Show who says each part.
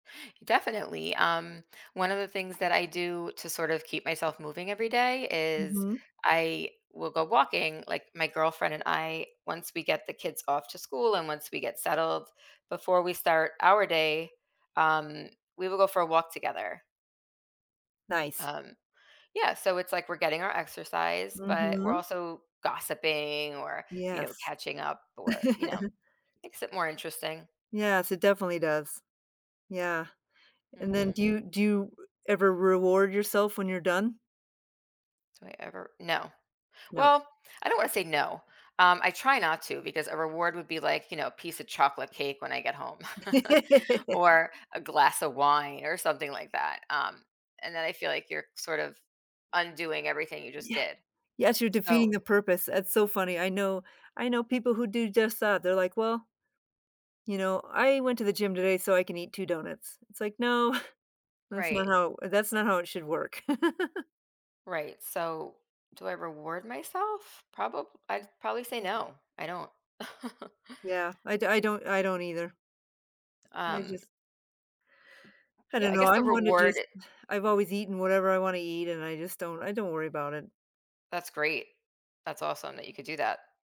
Speaker 1: Definitely, um, one of the things that I do to sort of keep myself moving every day is
Speaker 2: Mhm.
Speaker 1: I will go walking, like, my girlfriend and I, once we get the kids off to school and once we get settled before we start our day, um, we will go for a walk together.
Speaker 2: Nice.
Speaker 1: Um, yeah, so it's, like, we're getting our exercise, but we're
Speaker 2: Mhm.
Speaker 1: also gossiping or, you know,
Speaker 2: Yes.
Speaker 1: catching up or, you know, makes it more interesting.
Speaker 2: Yes, it definitely does. Yeah, and then do
Speaker 1: Mhm.
Speaker 2: you do you ever reward yourself when you're done?
Speaker 1: Do I ever no.
Speaker 2: No.
Speaker 1: Well, I don't wanna say no. Um, I try not to because a reward would be, like, you know, a piece of chocolate cake when I get home. Or a glass of wine or something like that, um, and then I feel like you're sort of undoing everything you just
Speaker 2: Yeah,
Speaker 1: did.
Speaker 2: yes, you're defeating
Speaker 1: So
Speaker 2: the purpose. It's so funny. I know I know people who do just that. They're, like, "Well "you know, I went to the gym today, so I can eat 2 donuts." It's, like, "No, that's not
Speaker 1: Right.
Speaker 2: how that's not how it should work."
Speaker 1: Right, so do I reward myself? Proba I'd probably say no, I don't.
Speaker 2: Yeah, I d I don't I don't either I
Speaker 1: Um
Speaker 2: just I
Speaker 1: Yeah,
Speaker 2: don't
Speaker 1: I
Speaker 2: know,
Speaker 1: guess the
Speaker 2: I'm one to
Speaker 1: reward
Speaker 2: just I've always eaten whatever I wanna eat, and I just don't I don't worry about it.
Speaker 1: That's great. That's awesome that you could do that.